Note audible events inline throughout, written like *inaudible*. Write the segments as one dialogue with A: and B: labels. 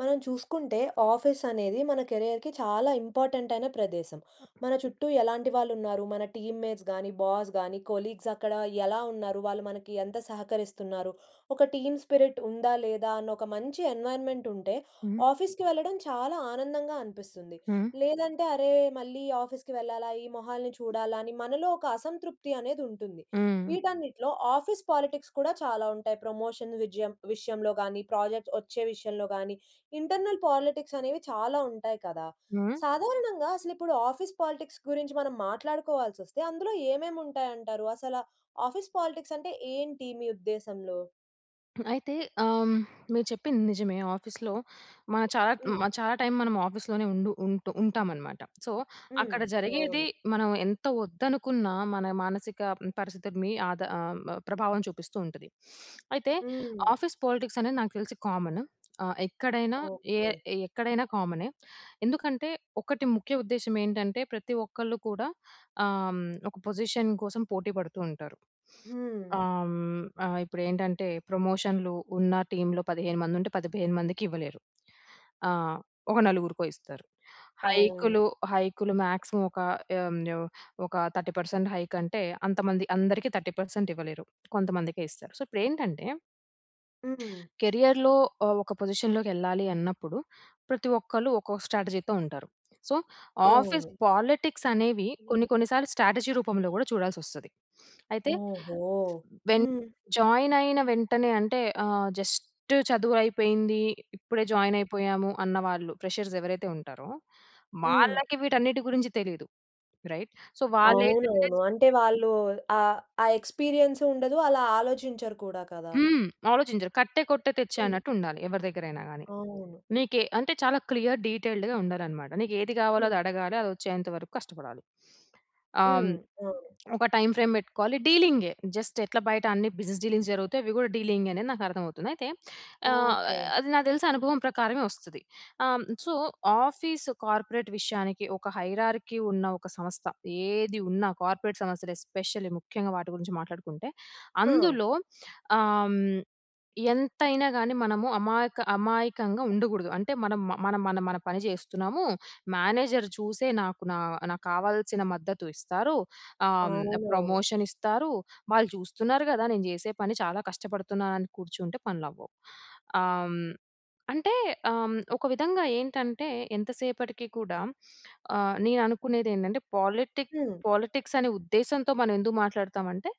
A: మనం చూసుకుంటే, ఆఫీస్ అనేది మన కెరియర్‌కి చాలా ఇంపార్టెంట్ అయిన ప్రదేశం‌. మన చుట్టూ ఎలాంటి వాళ్ళు ఉన్నారు, మన టీమ్‌మేట్స్ గానీ, బాస్ గానీ, కొలీగ్స్ అక్కడ ఎలా ఉన్నారు, వాళ్ళు మనకి ఎంత సహకరిస్తున్నారు, ఒక టీమ్ స్పిరిట్ ఉందా, లేదా అని ఒక మంచి ఎన్విరాన్మెంట్ ఉంటే,
B: హ్మ్.
A: ఆఫీస్‌కి వెళ్ళడం చాలా ఆనందంగా అనిపిస్తుంది.
B: హ్మ్.
A: లేదంటే, అరే! మళ్ళీ ఆఫీస్‌కి వెళ్ళాలా, ఈ మొహాల్ని చూడాలా అని మనలో ఒక అసంతృప్తి అనేది ఉంటుంది.
B: హ్మ్.
A: వీటన్నిటిలో ఆఫీస్ పాలిటిక్స్ కూడా చాలా ఉంటాయి. ప్రమోషన్ విజయం విషయంలో గాని, ప్రాజెక్ట్ వచ్చే విషయంలో గాని, ఇంటర్నల్ పాలిటిక్స్ అనేవి చాలా ఉంటాయి కదా!
B: హ్మ్.
A: సాధారణంగా అసలిప్పుడు ఆఫీస్ పాలిటిక్స్ గురించి మనం మాట్లాడుకోవాల్సి వస్తే, అందులో ఏమేమి ఉంటాయంటారు? అసలు ఆఫీస్ పాలిటిక్స్ అంటే ఏంటి మీ ఉద్దేశంలో?
B: అయితే ఆహ్, హ్మ్, మీరు చెప్పింది నిజమే. ఆఫీస్‌లో మనం చాలా హ్మ్.
A: హ్మ్.
B: చాలా టైమ్ మనం ఆఫీస్‌లోనే ఉండు ఉంటు ఉంటామన్నమాట. సో,
A: హ్మ్.
B: అక్కడ జరిగేది
A: అవును.
B: మనం ఎంత వద్దనుకున్నా, మన మానసిక పరిస్థితులని ఆద ఆహ్, మ ప్రభావం చూపిస్తూ ఉంటది. *sniffs* అయితే,
A: హ్మ్.
B: ఆఫీస్ పాలిటిక్స్ అనేది నాకు తెలిసి కామను ఆహ్, ఎక్కడైనా ఎ
A: ఓకే.
B: ఎక్కడైనా కామనే. ఎందుకంటే, ఒకటి ముఖ్య ఉద్దేశ్యం ఏంటంటే ప్రతి ఒక్కళ్ళు కూడా ఆహ్, హ్మ్, ఒక పొజిషన్ కోసం పోటీ పడుతూ ఉంటారు. *sniffs*
A: హ్మ్.
B: ఆహ్, హ్మ్, ఆహ్, ఇప్పుడేంటంటే ప్రమోషన్‌లు, ఉన్న టీమ్‌లో 15 మందుంటే, 15 మందికి ఇవ్వలేరు. ఆహ్, ఒక నలుగురికో ఇస్తారు.
A: అవును.
B: హైక్‌లు, హైక్‌లు మ్యాక్సిమమ్ ఒక హ్మ్, ఓహ్! ఒక 30% హైక్ అంటే అంతమంది అందరికి 30% ఇవ్వలేరు. కొంతమందికే ఇస్తారు. సో, ఇప్పుడెంటంటే,
A: హ్మ్.
B: కెరియర్‌లో ఆహ్, ఒక పొజిషన్‌లోకెళ్ళాలి అన్నప్పుడు ప్రతి ఒక్కళ్ళు ఒక్కొక్క స్ట్రాటజీతో ఉంటారు. సో, ఆఫీస్
A: అవును.
B: పాలిటిక్స్ అనేవి
A: హ్మ్.
B: కొన్ని, కొన్ని సార్లు స్ట్రాటజీ రూపంలో కూడా చూడాల్సి వస్తది. *sniffs* అయితే,
A: ఓహో!
B: వెన్
A: హ్మ్.
B: జాయిన్ అయిన వెంటనే అంటే ఆహ్, జస్ట్ చదువయిపోయింది. ఇప్పుడే జాయిన్ అయిపోయాము, అన్న వాళ్ళు ప్రెషర్స్ ఎవరైతే ఉంటారో,
A: హ్మ్.
B: వాళ్ళకి వీటన్నిటి గురించి తెలియదు. రైట్. సో, వాళ్ళేంటంటే
A: అవునవును.
B: నెక్స్ట్
A: అంటే వాళ్ళు ఆహ్, ఆ ఎక్స్పీరియన్స్ ఉండదు. అలా ఆలోచించరు కూడా కదా!
B: హ్మ్. ఆలోచించరు. కట్టే, కొట్టే, తెచ్చే
A: హ్మ్.
B: అన్నట్టు ఉండాలి ఎవరి దగ్గరైనా గాని.
A: అవును.
B: నీకే అంటే చాలా క్లియర్ డీటెయిల్డ్‌గా ఉండాలన్నమాట. నీకేది కావాలో
A: హ్మ్.
B: అది అడగాలి. అది వచ్చేంత వరకు కష్టపడాలి. *sniffs* ఆహ్, హ్మ్,
A: హ్మ్. అవును.
B: ఒక టైమ్ ఫ్రేమ్ పెట్టుకోవాలి డీలింగే జస్ట్ ఎట్లా బయట అన్ని బిజినెస్ డీలింగ్స్ జరుగుతాయి, అవి కూడా డీలింగే అనేది నాకర్థమవుతుంది. అయితే ఆహ్,
A: ఓకే.
B: అది నాకు తెలిసి అనుభవం ప్రకారమే వస్తది. ఆహ్, హ్మ్, సో, ఆఫీసు కార్పొరేట్ విషయానికి ఒక హైరార్కీ ఉన్న ఒక సంస్థ, ఏది ఉన్నా కార్పొరేట్ సంస్థలు ఎస్పెషల్లీ ముఖ్యంగా వాటి గురించి మాట్లాడుకుంటే,
A: ఆ!
B: అందులో ఆహ్, హ్మ్, ఎంతైనా గాని మనము అమాయక అమాయకంగా ఉండకూడదు. అంటే మనం మ మన, మన, మన పని చేస్తున్నాము. మేనేజర్ చూసే నాకు నా నాకావాల్సిన మద్దతు ఇస్తారు. ఆహ్, హ్మ్,
A: అవునవును.
B: ప్రమోషన్ ఇస్తారు. వాళ్ళు చూస్తున్నారు కదా! నేను చేసే పని. చాలా కష్టపడుతున్నాను అని కూర్చుంటే, పనులు అవ్వవు. ఆహ్, హ్మ్, అంటే ఆహ్, హ్మ్, ఒక విధంగా ఏంటంటే ఎంత సేపటికి కూడా ఆహ్, నేను అనుకునేది ఏంటంటే, పాలిటిక్
A: హ్మ్.
B: పాలిటిక్స్ అనే ఉద్దేశంతో మనమెందుకు మాట్లాడుతామంటే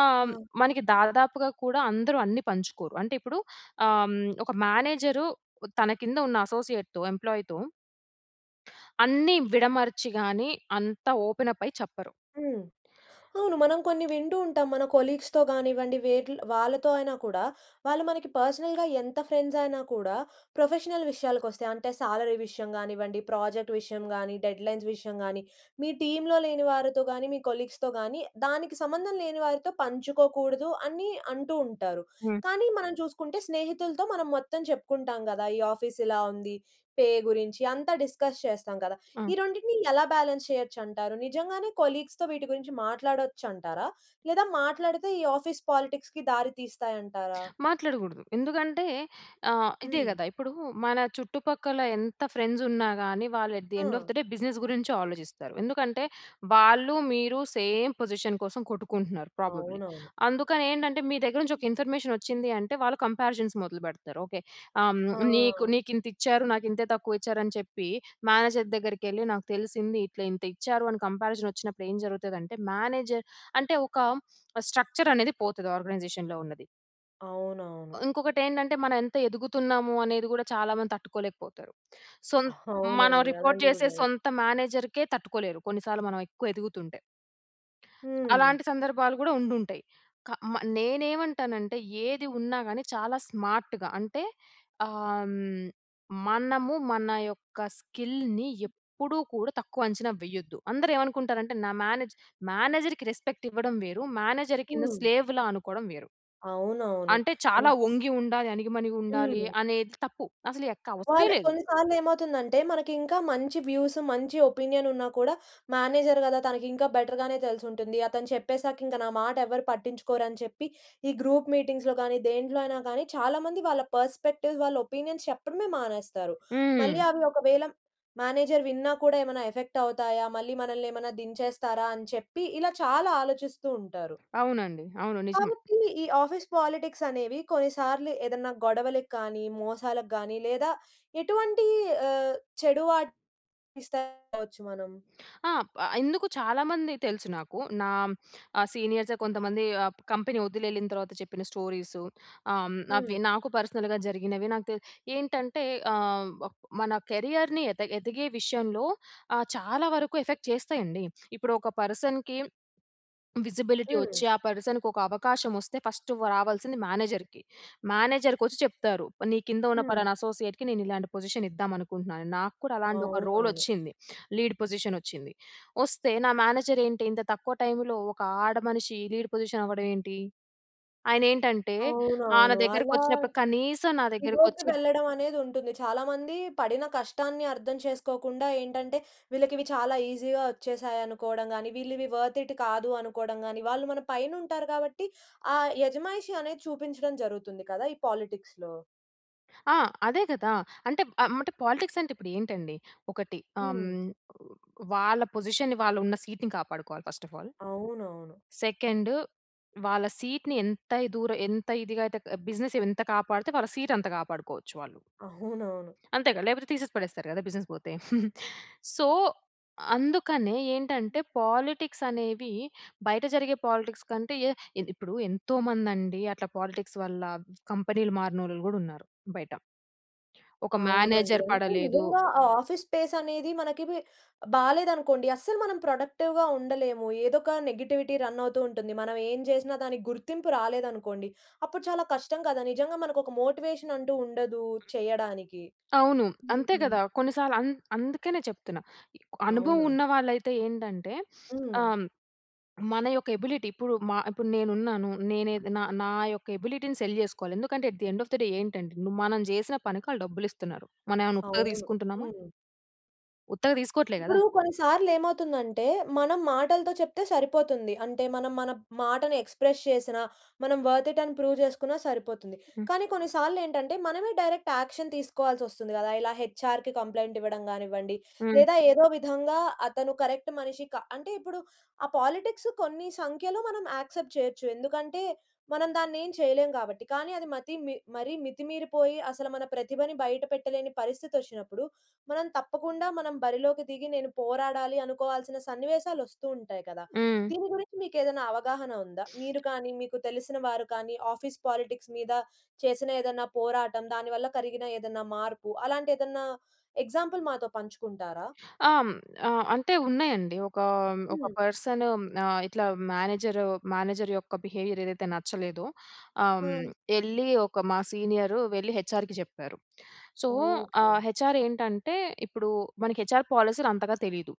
B: ఆహ్, హ్మ్,
A: ఆ!
B: మనకి దాదాపుగా కూడా అందరూ అన్ని పంచుకోరు. అంటే ఇప్పుడు ఆహ్, హ్మ్, ఒక మేనేజరు ఉ తన కింద ఉన్న అసోసియేట్‌తో ఎంప్లాయ్‌తో అన్ని విడమర్చి గాని ,అంత ఓపెన్ అప్ అయి చెప్పరు.
A: హ్మ్. అవును. మనం కొన్ని వింటూ ఉంటాం మన కొలీగ్స్‌తో కానివ్వండి వేట్ల్ వాళ్ళతో అయినా కూడా, వాళ్ళు మనకి పర్సనల్‌గా ఎంత ఫ్రెండ్స్ అయినా కూడా, ప్రొఫెషనల్ విషయాలకొస్తే అంటే, సాలరీ విషయం గానివ్వండి, ప్రాజెక్ట్ విషయం గాని, డెడ్‌లైన్స్ విషయం గాని, మీ టీమ్‌లో లేని వారితో గాని, మీ కొలీగ్స్‌తో గాని దానికి సంబంధం లేని వారితో పంచుకోకూడదు అని అంటూ ఉంటారు.
B: హ్మ్.
A: కానీ, మనం చూసుకుంటే స్నేహితులతో మనం మొత్తం చెప్పుకుంటాం కదా! ఈ ఆఫీస్ ఇలా ఉంది. పే గురించి అంతా డిస్కస్ చేస్తాం కదా!
B: హ్మ్.
A: ఈ రెండిటిని ఎలా బాలన్స్ చేయొచ్చంటారు? నిజంగానే కొలీగ్స్‌తో వీటి గురించి మాట్లాడొచ్చంటారా? లేదా మాట్లాడితే ఈ ఆఫీస్ పాలిటిక్స్‌కి దారి తీస్తాయంటారా?
B: మాట్లాడకూడదు. ఎందుకంటే ఆహ్, ఇదే
A: హ్మ్.
B: కదా! ఇప్పుడు మన చుట్టుపక్కల ఎంత ఫ్రెండ్స్ ఉన్నా గాని, వాళ్ళు ఎట్ ద ఎండ్ ఆఫ్
A: ఆ!
B: ది డే, బిజినెస్ గురించి ఆలోచిస్తారు. ఎందుకంటే, వాళ్ళు మీరు సేమ్ పొజిషన్ కోసం కొట్టుకుంటున్నారు ప్రాబబ్లీ.
A: అవునవును.
B: అందుకని ఏంటంటే, మీ దగ్గర నుంచి ఒక ఇన్ఫర్మేషన్ వచ్చింది అంటే, వాళ్ళు కంపారిజన్స్ మొదలు పెడతారు. ఓకే. ఆహ్,
A: ఆ!
B: హ్మ్, నీకు నీకింత ఇచ్చారు. నాకింతే తక్కువ ఇచ్చారని చెప్పి, మేనేజర్ దగ్గరికెళ్ళి నాకు తెలిసింది, ఇట్లా ఇంత ఇచ్చారు అని కంపారిజన్ వచ్చినప్పుడు ఏం జరుగుతది అంటే, మేనేజర్ అంటే ఒక స్ట్రక్చర్ అనేది పోతది ఆర్గనైజేషన్‌లో ఉన్నది.
A: అవునవును.
B: ఉంకొకటేంటంటే, మనం ఎంత ఎదుగుతున్నాము అనేది కూడా, చాలా మంది తట్టుకోలేకపోతారు. సొం మనం
A: అవునండి.
B: రిపోర్ట్
A: అలాంటివి కూడా
B: చేసే
A: జరుగుత్
B: సొంత మేనేజర్‌కే తట్టుకోలేరు, కొన్ని సార్లు మనం ఎక్కువ ఎదుగుతుంటే.
A: హ్మ్.
B: అలాంటి సందర్భాలు కూడా ఉండుంటాయి. క మ నేనేవంటానంటే, ఏది ఉన్నాగాని, చాలా స్మార్ట్‌గా అంటే, ఆహ్, హ్మ్, మనము మన యొక్క స్కిల్‌ని, ఎప్పుడూ కూడ తక్కువ అంచనా వెయ్యద్దు. అందరు ఏవనుకుంటారంటే, నా మేనేజ్ మేనేజర్‌కి రెస్పెక్ట్ ఇవ్వడం వేరు, మేనేజర్‌ కింద
A: హ్మ్.
B: స్లేవ్‌లా అనుకోడం వేరు.
A: అవునవును.
B: అంటే, చాలా
A: హ్మ్.
B: వంగి ఉండాలి. అణిగిమణిగుండాలి
A: హ్మ్.
B: అనేది తప్పు. అసలు ఎక్క అవసరమే
A: వాళ్ళు
B: లేదు.
A: కొన్ని సార్లేమవుతుందంటే, మనకింకా మంచి వ్యూస్, మంచి ఒపీనియన్ ఉన్నా కూడా, మేనేజర్ కదా, తనకింకా బెటర్ గానే తెలిసుంటుంది. అతను చెప్పేసాకింక నా మాటెవరు పట్టించుకోరని చెప్పి, ఈ గ్రూప్ మీటింగ్స్‌లో కాని, దేంట్లో అయినా కాని, చాలా మంది వాళ్ళ పర్స్‌పెక్టివ్స్, వాళ్ళ ఒపీనియన్స్ చెప్పడమే మానేస్తారు. మళ్ళీ
B: హ్మ్.
A: అవి ఒకవేళ మేనేజర్ విన్నా కూడా, ఎమెనా ఎఫెక్టవుతాయా, మళ్ళీ మనల్నేమనా దించేస్తారా, అని చెప్పి, ఇలా చాలా ఆలోచిస్తూ ఉంటారు.
B: అవునండి. అవును. నిజం.
A: కాబట్టి, ఈ ఆఫీస్ పాలిటిక్సనేవి, కొన్నిసార్లు ఏదన్నా గొడవలకి గాని, మోసాలకి గాని, లేదా ఎటువంటి ఆహ్, చెడు వాట్ *unintelligible* ఇస్తే అవచ్చు మనం.
B: ఆ! ప్ ఎందుకు చాలామంది తెలుసు నాకు. నా ఆహ్, సీనియర్సే కొంతమంది, ఆప్ కంపెనీ వదిలెళ్ళిన తర్వాత చెప్పిన స్టోరీసు, ఆహ్, హ్మ్. అవి
A: హ్మ్.
B: నాకు పర్సనల్‌గా జరిగినవి నాకు తె ఏంటంటే, ఆహ్, వక్ మన కెరియర్‌ని ఎద ఎదిగే విషయంలో, ఆహ్, చాలా వరకు ఎఫెక్ట్ చేస్తాయండి. ఇప్పుడు ఒక పర్సన్‌కి విజిబిలిటీ
A: హ్మ్.
B: వచ్చి, ఆ పర్సన్‌కొక అవకాశం వస్తే, ఫస్టు వ్ రావల్సింది మేనేజర్‌కి. మేనేజర్‌కొచ్చి చెప్తారు. నీ కింద ఉన్న
A: హ్మ్.
B: పలానా అసోసియేట్‌కి, నేనిలాంటి పొజిషనిద్దామనుకుంటున్నాను. నాకు కూడా అలాంటి ఒక
A: అవునవును.
B: రోలొచ్చింది. లీడ్ పొజిషనొచ్చింది. వొస్తే, నా మేనేజరేంటి ఇంత తక్కువ టైములో, ఒక ఆడమనిషి లీడ్ పొజిషన్ అవ్వడం ఏంటి? ఆయనేంటంటే, ఆహ్, నా
A: అవునవును. అలా
B: దగ్గరకొచ్చినప్పుడు, కనీసం నా
A: ఇగో‌కి
B: దగ్గరకొచ్చి
A: వెళ్ళడం అనేది ఉంటుంది. చాలా మంది పడిన కష్టాన్ని అర్థం చేసుకోకుండా, ఏంటంటే, వీళ్ళకివి చాలా ఈజీ‌గా వచ్చేసాయనుకోవడం గాని, వీళ్ళివి వర్త్‌‌ ఇట్ కాదు అనుకోడం గాని. వాళ్ళు మన పైనుంటారు కాబట్టి, ఆ యజమాయిషి అనేది చూపించడం జరుగుతుంది కదా, ఈ పాలిటిక్స్‌లో.
B: ఆ! అదే గదా! అంటే అం పాలిటిక్స్ అంటే ఏంటండి? ఒకటి ఆహ్,
A: హ్మ్.
B: హ్మ్, వాళ్ళ పొజిషన్‌ని వాళ్ళు ఉన్న సీట్‌ని కాపాడుకోవాలి ఫస్ట్ ఆఫ్ ఆల్.
A: అవునవును.
B: సెకండ్ వాళ్ళ సీట్‌ని ఎంత ఇ దూరం, ఎంత ఇదిగా అయితే బిజినెస్ ఎంత కాపాడితే వాళ్ళ సీట్ అంత కాపాడుకోవచ్చు వాళ్ళు.
A: అవునవును.
B: అంతేగా! లేకపోతే తీసేసి పడేస్తారు గదా బిజినెస్ పోతే. *giggles* సో, అందుకనే ఏంటంటే పాలిటిక్స్ అనేవి, బయట జరిగే పాలిటిక్స్ కంటే ఏదిప్పుడు ఎంతో మంది అండి అట్లా పాలిటిక్స్ వల్ల కంపెనీలు మారినోళ్ళు కూడా ఉన్నారు బయట. ఒక
A: అవునండి.
B: మ్యానేజర్
A: అంటే
B: పడలేదు.
A: నిజంగా, ఆ ఆఫీస్ స్పేస్ అనేది మనకిది బాలేదనుకోండి అస్సలు మనం ప్రొడక్టివ్‌గా ఉండలేము. ఏదో ఒక నెగెటివిటీ రన్ అవుతూ ఉంటుంది. మనం ఏం చేసినా దానికి గుర్తింపు రాలేదనుకోండి. అప్పుడు చాలా కష్టం కదా, నిజంగా మనకు ఒక మోటివేషన్ అంటూ ఉండదు చేయడానికి.
B: అవును. అంతే
A: హుహు.
B: గదా! కొన్ని సార్లు అం అందుకనే చెప్తున్నా అనుభవం
A: అవునా.
B: ఉన్నవాళ్ళైతే ఏంటంటే *sniffs* ఆహ్,
A: హ్మ్.
B: హ్మ్, మన యొక్క ఎబిలిటీ ఇప్పుడు మా ఇప్పుడు నేను ఉన్నాను. నేనే నా నా యొక్క ఎబిలిటీ‌ని సెల్ చేసుకోవాలి. ఎందుకంటే at the end of the day ఏంటంటే మనం చేసిన పనికి ఆళ్ళు డబ్బులు ఇస్తున్నారు. మనం ఏమైనా ఉత్తగా
A: అవును.
B: తీసుకుంటున్నామా.
A: హ్మ్.
B: ఉత్తగా దీసుకోవట్లే గదా!
A: ఇప్పుడు కొన్ని సార్లు ఏమవుతుందంటే, మనం మాటలతో చెప్తే సరిపోతుంది. అంటే మనం మన మాటని ఎక్స్‌ప్రెస్ చేసినా, మనం వర్త్ ఇట్ అని ప్రూవ్ జేసుకున్నా సరిపోతుంది.
B: హ్మ్.
A: కానీ కొన్ని సార్లు ఏంటంటే, మనమే డైరెక్ట్ యాక్షన్ తీసుకోవాల్సి వస్తుంది గదా! ఇలా హెచ్ఆర్‌కి కంప్లెయింట్ ఇవ్వడం గానివ్వండి.
B: హ్మ్.
A: లేదా ఏదో విధంగా అతను కరెక్ట్ మనిషి కా అంటే ఇప్పుడు ఆ పాలిటిక్సు కొన్ని సంఖ్యలో మనం యాక్సెప్ట్ చేయొచ్చు. ఎందుకంటే, మనం దాన్ని ఏం చేయలేం కాబట్టి. కానీ అది మతి మి మరీ మితిమీరిపోయి అసలు మన ప్రతిభని బయట పెట్టలేని పరిస్థితి వచ్చినప్పుడు. మనం తప్పకుండా మనం బరిలోకి దిగి నేను పోరాడాలి అనుకోవాల్సిన సన్నివేశాలు వస్తూ ఉంటాయి కదా!
B: హ్మ్.
A: దీని గురించి మీకు ఏదైనా అవగాహన ఉందా? మీరు కానీ మీకు తెలిసిన వారు కానీ ఆఫీస్ పాలిటిక్స్ మీద చేసిన ఏదన్నా పోరాటం దానివల్ల కలిగిన ఏదన్నా మార్పు అలాంటి ఏదన్నా ఎగ్జాంపుల్ మాతో పంచుకుంటారా?
B: ఆహ్, హ్మ్, ఆ! అంటే ఉన్నాయండి. ఒకా ఒక
A: హ్మ్.
B: పర్సను. ఆహ్, ఇట్లా మేనేజర్ మేనేజర్ యొక్క బిహేవియర్ ఏదైతే నచ్చలేదో. ఆహ్, హ్మ్,
A: ఆ!
B: ఎళ్ళి ఒక మా సీనియరు వెళ్ళి హెచ్ఆర్‌కి చెప్పారు. సో, ఆ
A: ఓకె.
B: హెచ్ఆర్‌ ఏంటంటే, ఇప్పుడు మనకి హెచ్ఆర్‌ పాలసీలు అంతగా తెలీదు.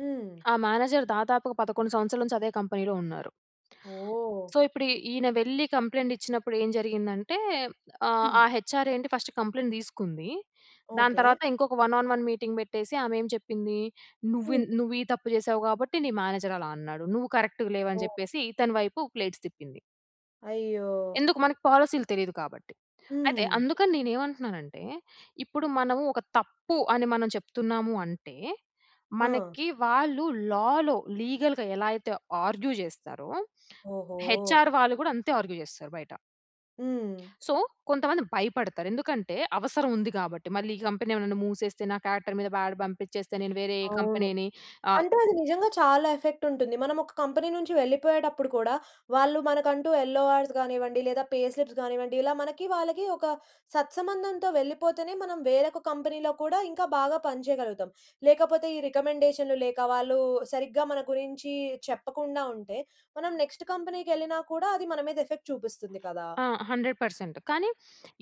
A: హ్మ్.
B: ఆ మేనేజర్ దాదాపుగా 11 సంవత్సరాల నుంచి అదే కంపెనీలో ఉన్నారు.
A: ఓహ్!
B: సో, ఇప్పుడు ఈ ఈయన వెళ్ళి కంప్లైంట్ ఇచ్చినప్పుడు ఏం జరిగిందంటే ఆహ్, ఆ
A: హ్మ్.
B: హెచ్ఆర్‌ ఏంటి ఫస్ట్ కంప్లెయింట్ దీసుకుంది. దాని
A: ఓకే.
B: తర్వాత ఇంకొక వన్ ఆన్ వన్ మీటింగ్ బెట్టేసి. ఆమె ఏం చెప్పింది. నువ్వి
A: హ్మ్.
B: న్ నువ్వు ఈ తప్పు జేసావు కాబట్టి, నీ మేనేజర్ అలా అన్నాడు. నువ్వు కరెక్ట్‌గ లేవు అని
A: ఓహ్!
B: జెప్పేసి. ఇతని వైపు ప్లేట్స్ తిప్పింది.
A: అయ్యో!
B: ఎందుకు మనకు పాలిసీ‌లు తెలీదు కాబట్టి. అయితే
A: హ్మ్.
B: అందుకని నేను ఏమంటున్నానంటే, ఇప్పుడు మనము ఒక తప్పు అని మనం చెప్తున్నాము అంటే,
A: ఆ!
B: మనకి వాళ్ళు లా‌లో లీగల్‌గా ఎలా అయితే ఆర్గ్యూ జేస్తారో,
A: ఓహో!
B: హెచ్‌ఆర్ వాళ్ళు గూడా అంతే ఆర్గ్యూ జేస్తారు బయట.
A: హ్మ్.
B: సో, కొంతమంది భయపడతారు. ఎందుకంటే అవసరం ఉంది కాబట్టి. మళ్ళీ ఈ కంపెనీ ఏమన్నా మూసేస్తే, నా కారెక్టర్ మీద బ్యాడ్ పంపించేస్తే. నేను వేరే
A: అవును.
B: కంపెనీని ఆహ్
A: అంటే అది నిజంగా చాలా ఎఫెక్ట్ ఉంటుంది. మనం ఒక కంపెనీ నుంచి వెళ్ళిపోయేటప్పుడు కూడా, వాళ్ళు మనకంటూ యెల్లోఆర్స్ గానివ్వండి. లేదా పే స్లిప్స్ గానివ్వండి. ఇలా మనకి వాళ్ళకి ఒక సత్సంబంధంతో వెళ్ళిపోతేనే, మనం వేరొక కంపెనీలో కూడా ఇంకా బాగా పనిచేయగలుగుతాం. లేకపోతే ఈ రికమెండేషన్‌లు లేక వాళ్ళు సరిగ్గా మన గురించి చెప్పకుండా ఉంటే, మనం నెక్స్ట్ కంపెనీకెళ్ళినా కూడా అది మన మీద ఎఫెక్ట్ చూపిస్తుంది కదా!
B: ఆ! 100% కానీ,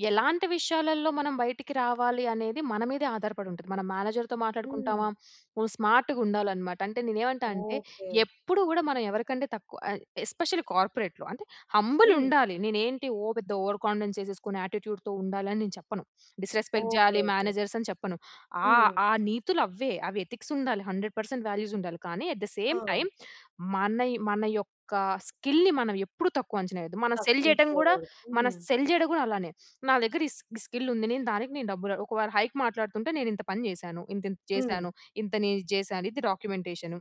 B: ఎలాంటి విషయాలలో మనం బయటికి రావాలి అనేది మన మీదే ఆధారపడి ఉంటది. మన మేనేజర్‌తో
A: హ్మ్.
B: మాట్లాడుకుంటామా. నువు స్మార్ట్‌గుండాలనమాట. అంటే నేను ఏమంటా అంటే
A: ఓకే.
B: ఎప్పుడు, గూడా మనం ఎవరికంటే తక్కువ ఎ ఎస్‌పెషియల్లి కార్పొరేట్‌లో. అంటే హంబుల్
A: హ్మ్.
B: ఉండాలి. నేను ఏంటి ఓ పెద్ద ఓవర్ కాన్ఫిడెన్స్ చేసేసుకొని, యాట్టిట్యూడ్‌తో ఉండాలి అని నేను చెప్పను. Disrespect
A: okay.
B: చేయాలి
A: ఓకే.
B: మేనజర్స్ అని చెప్పను. ఆహ్,
A: హ్మ్.
B: ఆ నీతులు అవ్వే. అవి ఎథిక్స్ ఉండాలి. 100% వాల్యూస్ ఉండాలి. కానీ, అట్ ద సేమ్
A: ఆ!
B: టైమ్ మన యొ మన యొక్క స్కిల్‌ని మనం ఎప్పుడు తక్కువ అంచనెయ్యోద్దు. మనం సెల్ చేయడం గూడా,
A: తప్పించుకోకూడదు.
B: మనం
A: హ్మ్.
B: సెల్ చేయడం కూడా అలానే. నా దగ్గర ఈ స్కి స్కిల్ ఉంది. నేను దానికి నేను డబ్బులు, ఒకవేళ హైక్ మాట్లాడుతుంటే నేను ఇంత పని జేసాను. ఇంత ఇంత
A: హ్మ్.
B: చేసాను. ఇంత నేను ఇది చేసాను. ఇది డాక్యుమెంటేషను.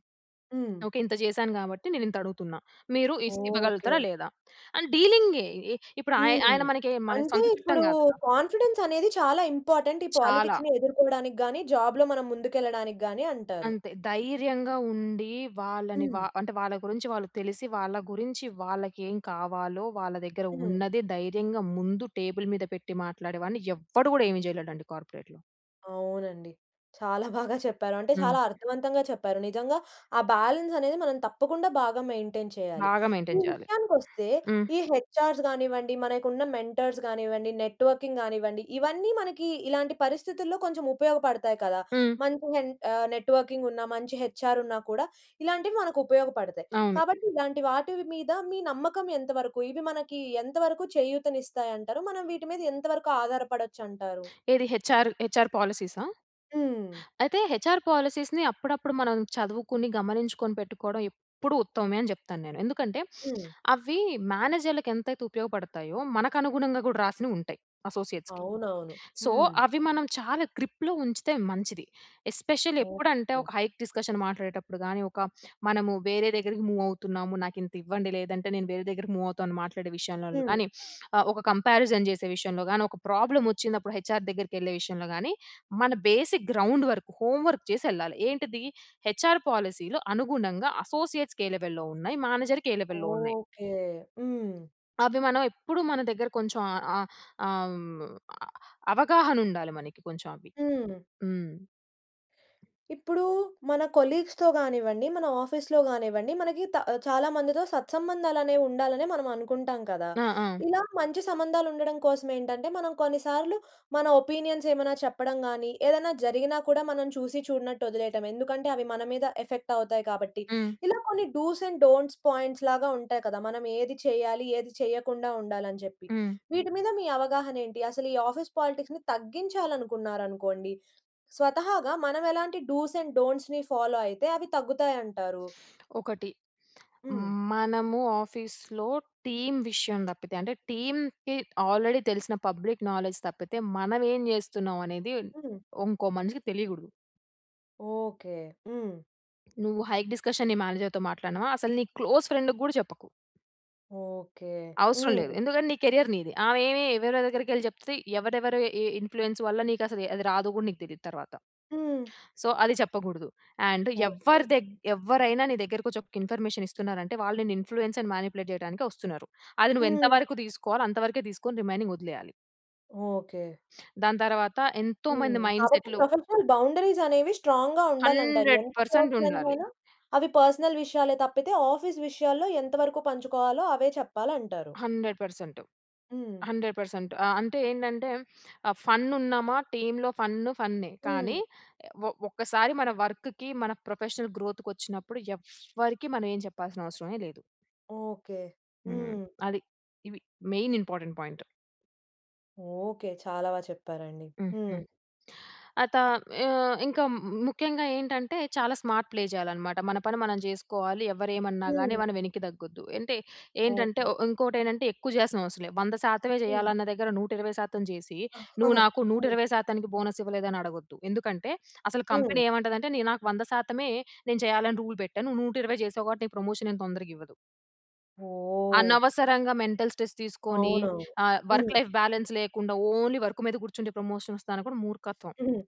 A: హ్మ్.
B: ఓకే. ఇంత జేసాను కాబట్టి, నేను ఇంత అడుగుతున్నా. మీరు ఇస్ ఇవ్వగలుగుతారా?
A: ఓకే.
B: లేదా? అని డీలింగే. ఇప్పుడు ఆయ్
A: హ్మ్.
B: ఆయన మనకే మన
A: అంటే
B: సొంత చుట్టం
A: ఇప్పుడు
B: గాదుగ.
A: కాన్ఫిడెన్స్ అనేది చాలా ఇంపార్టెంట్. ఈ
B: చాలా.
A: పాలిటిక్స్‌ని ఎదుర్కోవడానికి గాని, జాబ్‌లో మనం ముందుకెళ్ళడానికి గాని అంటారు.
B: అంతే. ధైర్యంగా ఉండి. వాళ్ళని
A: హ్మ్.
B: వా అంటే వాళ్ళ గురించి వాళ్ళు తెలిసి వాళ్ళ గురించి వాళ్ళకి ఏం కావాలో, వాళ్ళ దగ్గర
A: హ్మ్.
B: ఉన్నది ధైర్యంగా ముందు టేబుల్ మీద పెట్టి మాట్లాడేవాడిని. ఎవ్వడు గూడా ఏమి జేయలేడండి కార్పొరేట్‌లో.
A: అవునండి. చాలా బాగా చెప్పారు. అంటే,
B: హ్మ్.
A: చాలా అర్థవంతంగా చెప్పారు. నిజంగా ఆ బ్యాలెన్సనేది, మనం తప్పకుండా బాగా మెయింటైన్ చేయాలి.
B: బాగా
A: ఈ
B: మెయింటైన్ చేయాలి.
A: విషయానికొస్తే
B: హ్మ్.
A: ఈ హెచ్ఆర్స్ గానివ్వండి, మనకున్న మెంటర్స్ గానివ్వండి, నెట్‌వర్కింగ్ గానివ్వండి, ఇవన్నీ మనకి, ఇలాంటి పరిస్థితుల్లో కొంచెం ఉపయోగపడతాయి కదా!
B: హ్మ్.
A: మంచి హెంట్ ఆహ్ నెట్‌వర్కింగున్న మంచి హెచ్ఆరున్నా కూడా, ఇలాంటివి మనకుపయోగపడతాయి.
B: అవును.
A: కాబట్టి ఇలాంటి వాటివి మీద మీ నమ్మకం ఎంతవరకు? ఇవి మనకీ ఎంతవరకు చేయూతనిస్తాయంటారు? మనం వీటి మీద ఎంతవరకు ఆధారపడొచ్చంటారు?
B: ఏది హెచ్ఆరు హెచ్ఆర్ పాలసీసా?
A: హ్మ్.
B: అయితే హెచ్ఆర్ పాలిసీస్‌ని అప్పుడప్పుడు మనం చదువుకుని, గమనించుకొని పెట్టుకోడం ఎప్పుడు ఉత్తమమే అని జెప్తానేను. ఎందుకంటే,
A: హ్మ్.
B: అవి మేనేజర్‌లకెంతైతే ఉపయోగపడతాయో, మనకనుగుణంగా గూడా రాసినవుంటాయి. అసోసియేట్స్‌కి.
A: అవునవును.
B: సో,
A: హ్మ్.
B: అవి మనం చాలా గ్రిప్‌లో ఉంచితే మంచిది. ఎస్పెషల్లీ ఎప్పుడంటే
A: ఓకే.
B: ఒక హైక్ డిస్కషన్ మాట్లాడేటప్పుడు గాని, ఒక మనము వేరే దెగ్గరికి మూవ్ అవుతున్నాము, నాకింతివ్వండి, లేదంటే నేను వేరే దెగ్గరికి మూవ్ అవుతాను మాట్లాడే విషయంలల్లో
A: హ్మ్.
B: గానీ *sniffs* ఆహ్, ఒక కంపారిజన్ చేసే విషయంలో గానీ, ఒక ప్రాబ్లమోచ్చినప్పుడు హెచ్ఆర్ దెగ్గరికెళ్ళే విషయంలో గానీ, మన basic ground work, homework జేసెళ్ళాలి. ఏంటిది, హెచ్ఆర్ పాలిసీలో అనుగుణంగా, అసోసియేట్స్‌కే లెవెల్‌లో ఉన్నాయి, మేనేజర్‌కే లెవెల్‌లో ఉన్నాయి.
A: ఓకే. హ్మ్.
B: అవి మనం ఎప్పుడు మన దెగ్గర కొంచెం ఆహ్, ఆహ్ ఆ! హ్మ్. ఆహ్, అవగాహనుండాలి మనకి కొంచెం అవి.
A: హ్మ్.
B: హ్మ్.
A: ఇప్పుడూ, మన కొలీగ్స్‌తో గానివ్వండి, మన ఆఫీస్‌లో గానివ్వండి, మన గీత ఆహ్, చాలా మందితో సత్సంబంధాలనేవి ఉండాలనే, మనం అనుకుంటాం కదా!
B: ఆ! ఆ!
A: ఇలా మంచి సంబంధాలుండడం కోసమేంటంటే, మనం కొన్ని సార్లు మన ఒపీనియన్సేమన్నా చెప్పడం గానీ, ఏదన్నా జరిగినా కూడా, మనం చూసి చూడనట్టు వదిలేయటం. ఎందుకంటే, అవి మన మీద ఎఫెక్టవుతాయి కాబట్టి.
B: హ్మ్.
A: ఇలా కొన్ని డూస్ అండ్ డోంట్స్ పాయింట్స్‌లాగా ఉంటాయి కదా! మనమేది చెయ్యాలి, ఏది చేయకుండా ఉండాలని జెప్పి.
B: హ్మ్.
A: వీటి మీద మీ అవగాహనేంటి? అసలు ఈ ఆఫీస్ పాలిటిక్స్‌ని తగ్గించాలనుకున్నారనుకోండి! స్వతహాగా మనమెలాంటి డూస్ అండ్ డోంట్స్‌ని ఫాలో అయితే, అవి తగ్గుతాయంటారూ?
B: ఒకటి *smacks lips*
A: హ్మ్.
B: హ్మ్, మనము ఆఫీస్‌లో టీమ్ విషయం దప్పితే, అంటే, టీమ్‌కి ఆల్రెడీ తెలిసిన పబ్లిక్ నాలెడ్జ్ తప్పితే, మనమేం జేస్తున్నాం అనేది,
A: హ్మ్.
B: ఉంకో మనిషికి తెలియగూడదు.
A: ఓకే. హ్మ్.
B: నువ్వు హైక్ డిస్‌కషన్ నీ మేనేజర్‌తో మాట్లాడినవా అసలు నీ క్లోజ్ ఫ్రెండ్‌కి గూడా చెప్పకు.
A: ఓకే.
B: అవసరం లేదు.
A: హ్మ్.
B: ఎందుకంటే నీ కెరియర్ నీది. ఆమె ఏమి ఎవరెవరి దగ్గరకెళ్లి చెప్తే ఎవరెవరు ఏ ఇన్‌ఫ్లూయన్స్ వల్ల నీకు అసలు అది రాదు గూడా నీకు తెలియదు తరువాత.
A: హ్మ్.
B: సో, అది చెప్పకూడదు. And
A: okay.
B: ఎవ్వరి దగ్గ్ ఎవ్వరైనా నీ దగ్గరకొచ్చి ఒక్క ఇన్‌ఫ‌మేషన్ ఇస్తున్నారంటే వాళ్ళు నిన్ను ఇన్‌ఫ్లూ‌యన్స్ అండ్ మానిపులేట్ చేయడానికే వస్తున్నారు. అది నువ్వు ఎంత
A: హ్మ్.
B: వరకు తీసుకోవాలో అంతవరకే తీసుకొని రిమైనింగ్ వదిలేయాలి.
A: ఓకే.
B: దాని తర్వాత ఎంతో
A: హ్మ్.
B: మంది మైండ్
A: కాబట్టి
B: సెట్‌లు
A: ప్రొఫెషనల్ బౌండరీస్ అనేవి స్ట్రాంగ్‌గా ఉండాలంటారు.
B: హండ్రెడ్
A: ఎంత
B: పర్సెంట్ ఉండాలి.
A: పర్సనల్‌వైనా అవి పర్సనల్ విషయాలే తప్పితే ఆఫీస్ విషయాల్లో ఎంతవరకు పంచుకోవాలో అవే చెప్పాలంటారు.
B: 100%
A: హ్మ్.
B: 100% ఆహ్, అంటే ఏంటంటే ఆహ్, ఫన్ ఉన్నామా, టీమ్‌లో ఫన్ ఫన్నే. కానీ
A: హ్మ్.
B: ఒ ఒక్కసారి మన వర్క్‌కి మన ప్రొఫెషనల్ గ్రోత్‌కొచ్చినప్పుడు ఎవ్వరికీ మనం ఏమి చెప్పాల్సిన అవసరమే లేదు.
A: ఓకే.
B: హ్మ్.
A: హ్మ్.
B: అది, ఇవి మెయిన్ ఇంపార్టెంట్ పాయింట్.
A: ఓకే. చాలా బాగా చెప్పారండి.
B: హ్మ్. హ్మ్.
A: హ్మ్.
B: ఆ త ఆహ్, ఇంకా ము ముఖ్యంగా ఏంటంటే చాలా స్మార్ట్ ప్లే చేయాలనమాట. మన పని మనం చేసుకోవాలి. ఎవరేమన్నా గానీ
A: హ్మ్.
B: మనం వెనక్కి తగ్గొద్దు. అంటే ఏంటంటే ఓ
A: ఓకే.
B: ఇంకోటి ఏంటంటే ఎక్కువ జేస్తనం అసలే. వంద శాతమే
A: హ్మ్.
B: చేయాలన్న దగ్గర 120% జేసి నువ్వు
A: *giggles*
B: నాకు నూట
A: హ్మ్.
B: ఇరవై శాతానికి బోనస్ ఇవ్వలేదని అడగొద్దు. ఎందుకంటే అసలు
A: హ్మ్.
B: కంపెనీ ఏమంటదంటే నే నాకు వంద శాతమే నేను చేయాలని రూల్ పెట్టాను. నువ్వు 120 చేసావు కాబట్టి నీకు ప్రమోషన్ ఏం తొందరగా ఇవ్వదు.
A: ఓహ్!
B: అనవసరంగా మెంటల్ స్ట్రెస్ తీసుకొని.
A: అవునవును.
B: ఆహ్,
A: హ్మ్.
B: వర్క్ లైఫ్ బ్యాలెన్స్ లేకుండా. ఓన్లీ వర్క్ మీద కూర్చుంటే ప్రమోషన్ వస్తాదనుకోడం మూర్ఖత్వం.
A: హ్మ్.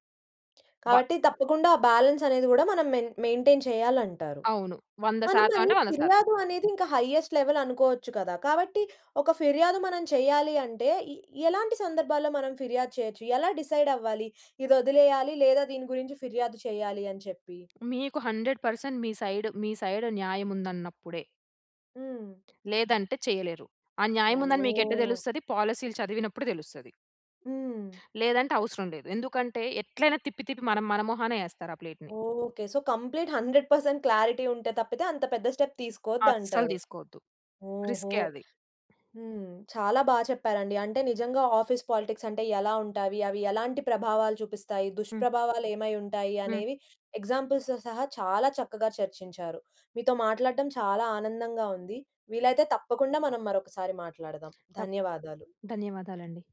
B: బ
A: కాబట్టి తప్పకుండా ఆ బాలన్స్ అనేది గూడా మనం మె మెయింటైన్ చేయాలంటారు.
B: అవును. వంద
A: మనం
B: శాతం
A: మరి
B: అంటే 100%.
A: ఫిర్యాదు అనేది ఇంకా హైజెస్ట్ లెవెల్ అనుకోవచ్చు కదా! కాబట్టి ఒక ఫిర్యాదు మనం చేయాలి అంటే, ఎ ఎలాంటి సందర్భాల్లో మనం ఫిర్యాదు చేయొచ్చు? ఎలా డిసైడ్ అవ్వాలి? ఇది వదిలేయాలి లేదా దీని గురించి ఫిర్యాదు చేయాలి అని చెప్పి?
B: మీకు 100% మీ సైడ్. మీ సైడ్ న్యాయముందన్నప్పుడే.
A: హ్మ్.
B: లేదంటే చేయలేరు. ఆ న్యాయం ఉందని మీకు ఎట్ట
A: ఓహ్!
B: తెలుస్తది. పాలిసీలు చదివినప్పుడు తెలుస్తది.
A: హ్మ్.
B: లేదంటే అవసరం లేదు. ఎందుకంటే, ఎట్లైనా తిప్పి తిప్పి మనం మన మొహానే యేస్తారు. ఆ ప్లేట్‌ని.
A: ఓకే. సో, కంప్లీట్ 100% క్లారిటీ ఉంటె తప్పితే, అంత పెద్ద స్టెప్
B: అస్సలు
A: తీసుకోద్దంటారు.
B: తీసుకోవద్దు.
A: ఓహో!
B: రిస్కే అది.
A: హ్మ్. చాలా బాగా చెప్పారండి. అంటే నిజంగా ఆఫీస్ పాలిటిక్స్ అంటే ఎలా ఉంటావి? అవి ఎలాంటి ప్రభావాలు చూపిస్తాయి?
B: హ్మ్.
A: దుష్ప్రభావాలు ఏమై ఉంటాయి?
B: హ్మ్.
A: అనేవి ఎగ్జాంపుల్స్‌తో సహా చాలా చక్కగా చర్చించారు. మీతో మాట్లాడడం చాలా ఆనందంగా ఉంది. వీలైతే తప్పకుండా మనం మరొకసారి మాట్లాడదాం.
B: తప్
A: ధన్యవాదాలు.
B: ధన్యవాదాలండి.